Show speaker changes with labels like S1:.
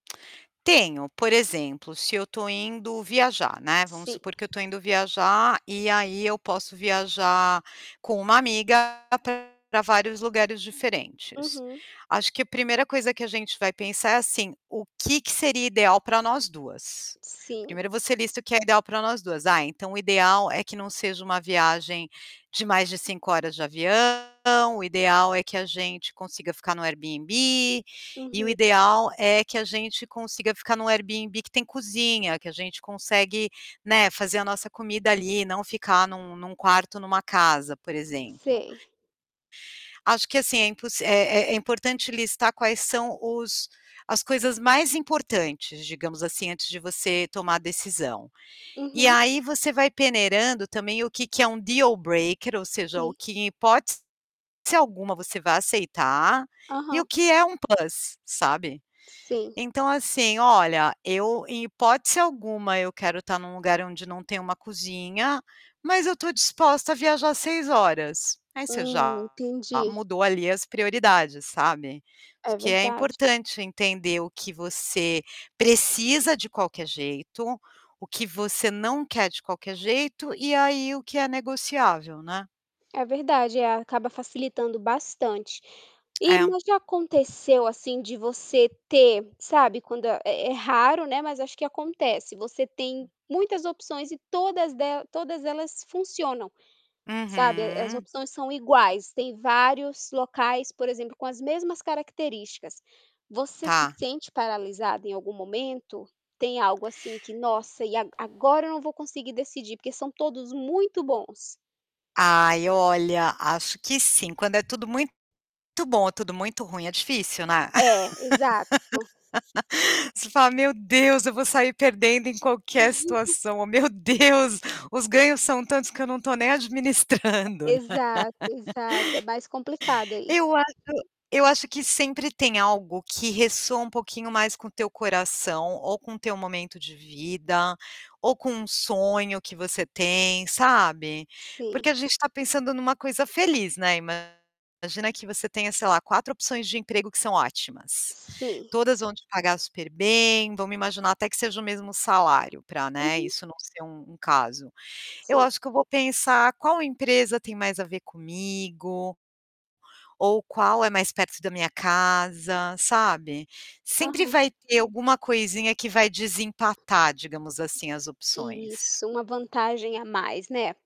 S1: Tenho, por exemplo, se eu estou indo viajar, né, vamos
S2: Sim.
S1: supor que eu estou indo viajar, e aí eu posso viajar com uma amiga pra vários lugares diferentes.
S2: Uhum.
S1: Acho que a primeira coisa que a gente vai pensar é assim: "O que que seria ideal para nós 2?".
S2: Sim.
S1: Primero, você lista o que é ideal para nós 2, "Ah, então o ideal é que não seja uma viagem de mais de 5 horas de avião, o ideal é que a gente consiga ficar no Airbnb, e o
S2: Uhum.
S1: ideal é que a gente consiga ficar no Airbnb que tem cozinha, que a gente consegue, né, fazer a nossa comida ali e não ficar num num quarto, numa casa", por exemplo.
S2: Sei.
S1: Acho que assim, é impos é é importante listar quais são os as coisas mais importantes, digamos assim, antes de você tomar a decisão. E
S2: Uhum.
S1: aí, você vai peneirando também o que que é um dealbreaker ou seja, o
S2: Sim.
S1: que em hipótese alguma você vá aceitar, e o
S2: Aham.
S1: que é uma plus, sabe.
S2: Sim.
S1: Então assim, "Olha, eu, em hipótese alguma, eu quero estar num lugar onde não tem uma cozinha, mas eu estou disposta a viajar 6 horas". Aí, você
S2: Hum,
S1: já
S2: entendi.
S1: mudou ali as prioridades, sabe,
S2: É
S1: que é
S2: verdade.
S1: importante entender o que você precisa de qualquer jeito, o que você não quer de qualquer jeito, e aí o que é negociável, né?
S2: É verdade, é, acaba facilitando bastante. E
S1: É.
S2: mas já aconteceu assim de você ter, sabe, quando é é raro, né, mas acho que acontece, você tem muitas opções e todas de todas elas funcionam, sabe, as
S1: Uhum.
S2: opções são iguais, tem vários locais, por exemplo, com as mesmas características. Você se
S1: Tá.
S2: sente paralisada em algum momento? Tem algo assim que: "Nossa, e ag agora eu não vou conseguir decidir, porque são todos muito bons".
S1: Ai, olha, acho que sim, quando é tudo muito bom ou tudo muito ruim, é difícil, né?
S2: É, exato.
S1: Você fala: "Meu Deus, eu vou sair perdendo em qualquer situação, meu Deus, os ganhos são tantos que eu não estou nem
S2: E
S1: administrando".
S2: e exato, exato, é mais complicado aí.
S1: Eu acho eu acho que sempre tem algo que ressoa um pouquinho mais com o teu coração, ou com o teu momento de vida, ou com um sonho que você tem, sabe,
S2: Sim.
S1: porque a gente está pensando numa coisa feliz, né, imagina que você tenha, sei lá, 4 opções de emprego que são ótimas.
S2: Sim.
S1: Todas vão te pagar super bem, vamos imaginar até que seja o mesmo salário para, né,
S2: Uhum.
S1: isso não ser um um caso. Eu
S2: Sim.
S1: acho que eu vou pensar: "Qual empresa tem mais a ver comigo" "ou qual é mais perto da minha casa.", sabe, sempre
S2: Aham.
S1: vai ter alguma coisinha que vai desempatar, digamos assim, as opções.
S2: Isso, uma vantagem a mais, né?